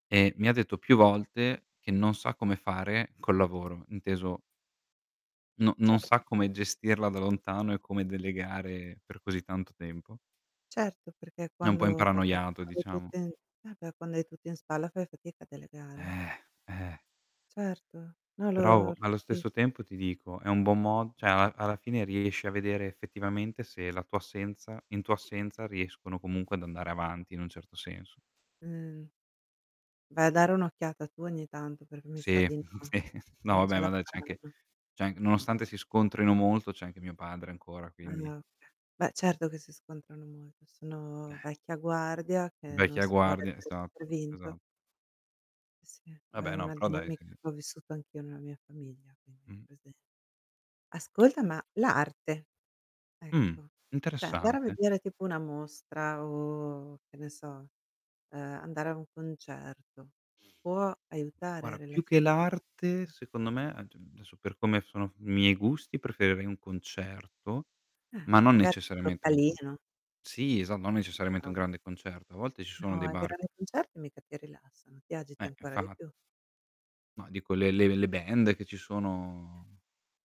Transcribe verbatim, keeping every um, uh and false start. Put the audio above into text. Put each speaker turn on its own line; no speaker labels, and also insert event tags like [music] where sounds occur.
E mi ha detto più volte che non sa come fare col lavoro, inteso no non
Cer
sa come gestirla da lontano e come delegare per così tanto tempo.
Certo, perché
È un po'
quando
imparanoiato
hai
diciamo.
tutto in eh beh, quando hai tutto in spalla fai fatica a delegare, eh.
Eh, eh.
Certo. No l'ho
perovo allo
capito.
stesso tempo ti dico è un buon mo cioè al alla fine riesci a vedere effettivamente se la tua assenza in tua assenza riescono comunque ad andare avanti in un certo senso.
Mhmm. Vai a dare un'occhiata tu ogni tanto, perché mi sa
Sì,
di no.
sì, no
Non ce
vabbè ma
la
dai c'è anche
fanno.
c'è anche nonostante si scontrino molto c'è anche mio padre ancora,
Ah
quindi
okay. Beh, certo che si scontrano molto,
Eh.
sono vecchia guardia che non
Vecchia
si può dare
guardia.
per
Esatto,
per vinto.
esatto.
Sì, oh, è
Vabbè no,
una
però dai
dinamica
[unintelligible]
che ho vissuto anch'io nella mia famiglia, quindi ho
Mhmm.
presente. Ascolta, ma l'arte
Mh,
ecco c'è andare a
interessante.
vedere tipo una mostra o che ne so, uhm, andare a un concerto, può aiutare il
guara, più che
rilassamento secondo
l'arte
te?
secondo me ad adesso per come sono i miei gusti preferire un concerto,
Eh,
ma non
magari un
necessariamente un con
localino.
sì esa non necessariamente un
Bravo.
grande concerto. A volte ci sono
No,
dei
i
bar
grandi concerti mica ti rilassano, ti agiti
Eh,
ancora di
infa
più.
No dico, le le le band che ci sono